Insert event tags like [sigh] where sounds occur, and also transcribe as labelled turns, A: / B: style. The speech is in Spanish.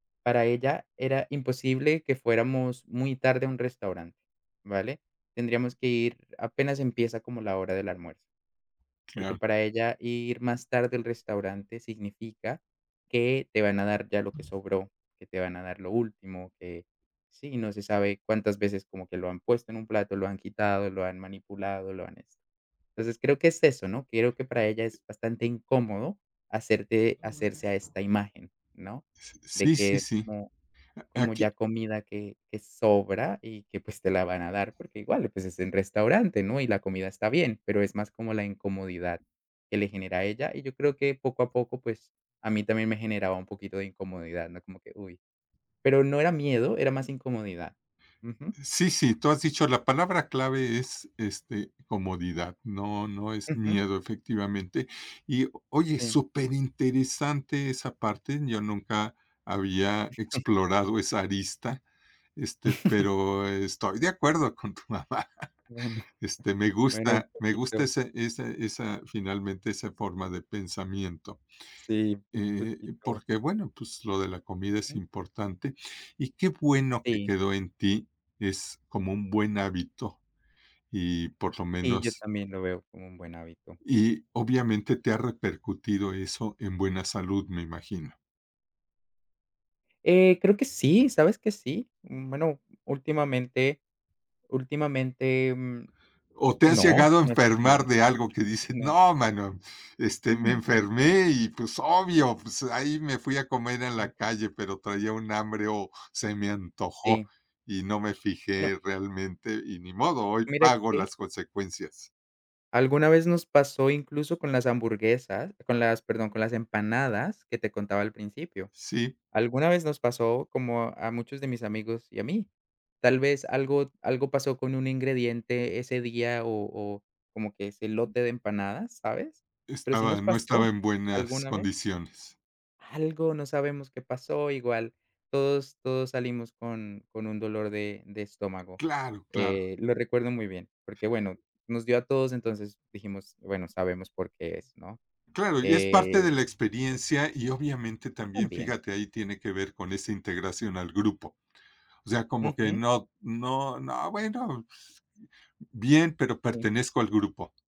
A: Para ella era imposible que fuéramos muy tarde a un restaurante, ¿vale? Tendríamos que ir apenas empieza como la hora del almuerzo porque
B: Claro.
A: para ella ir más tarde al restaurante significa que te van a dar ya lo que sobró, que te van a dar lo último, que, sí, no se sabe cuántas veces como que lo han puesto en un plato, lo han quitado, lo han manipulado, lo han esto, entonces, creo que es eso, ¿no? Creo que para ella es bastante incómodo hacerte hacerse a
B: [unintelligible]
A: esta imagen, ¿no?
B: S s
A: de
B: sí,
A: que
B: sí,
A: es
B: sí.
A: como
B: A
A: como
B: aquí
A: ya comida que que sobra y que, pues, te la van a dar porque igual, pues, es en restaurante, ¿no? Y la comida está bien, pero es más como la incomodidad que le genera a ella y yo creo que, poco a poco, pues, a mí también me generaba un poquito de incomodidad, ¿no? Como que, uy, pero no era miedo, era más incomodidad, ujú.
B: Sí, sí, tú has dicho, la palabra clave es, este, "comodidad", no no es
A: Ujú.
B: miedo, efectivamente, y, oye,
A: Sí.
B: súper interesante esa parte, yo nunca había
A: [giggles]
B: explorado esa arista, este,
A: [giggles]
B: pero estoy de acuerdo con tu mamá,
A: Bueno,
B: este, me
A: bueno, un
B: gusta, me gusta
A: poquito.
B: ese ese esa, finalmente, esa forma de pensamiento,
A: Sí, un
B: eh,
A: poquito.
B: porque, bueno, pues, lo de la comida es
A: Ujú.
B: importante, y qué bueno que
A: Sí.
B: quedó en ti, es como un buen hábito y, por lo
A: Y yo
B: menos
A: también lo veo como un buen hábito.
B: Y obviamente te ha repercutido eso en buena salud, me imagino.
A: Eh, creo que sí. ¿Sabes que sí? Mm, bueno, últimamente últimamente, em,
B: ¿O te has
A: no, sí,
B: llegado a
A: no he sentido
B: enfermar
A: nada,
B: de algo que dices:
A: no.
B: "No, hermano, este,
A: No,
B: me
A: no, no.
B: enfermé y, pues, obvio, pues, ahí me fui a comer en la
A: Ujú.
B: calle, pero traía un hambre o se me antojó
A: Sí.
B: y no me
A: Bueno.
B: fijé realmente y, ni modo, hoy
A: Mira
B: pago
A: que
B: las consecuencias"?
A: Alguna vez nos pasó incluso con las hamburguesas con las, perdón, con las empanadas, que te contaba al principio,
B: Sí.
A: alguna vez nos pasó como a muchos de mis amigos y a mí, tal vez algo algo pasó con un ingrediente ese día o o como que ese lote de empanadas, ¿sabes? Pero sí
B: Estaba
A: nos
B: en no estaba
A: pasó
B: en buenas
A: alguna vez.
B: condiciones.
A: Algo, no sabemos qué pasó, igual todos todos salimos con con un dolor de de estómago,
B: Claro, claro.
A: eh, lo recuerdo muy bien porque, bueno, nos dio a todos, entonces, dijimos, bueno, sabemos por qué es, ¿no?
B: Claro, y es parte de
A: Eh
B: la experiencia y, obviamente, también,
A: También.
B: fíjate, ahí tiene que ver con esa integración al grupo, o sea, como que
A: Ujú.
B: no no no, bueno, pues, bien, pero
A: Sí.
B: pertenezco al grupo.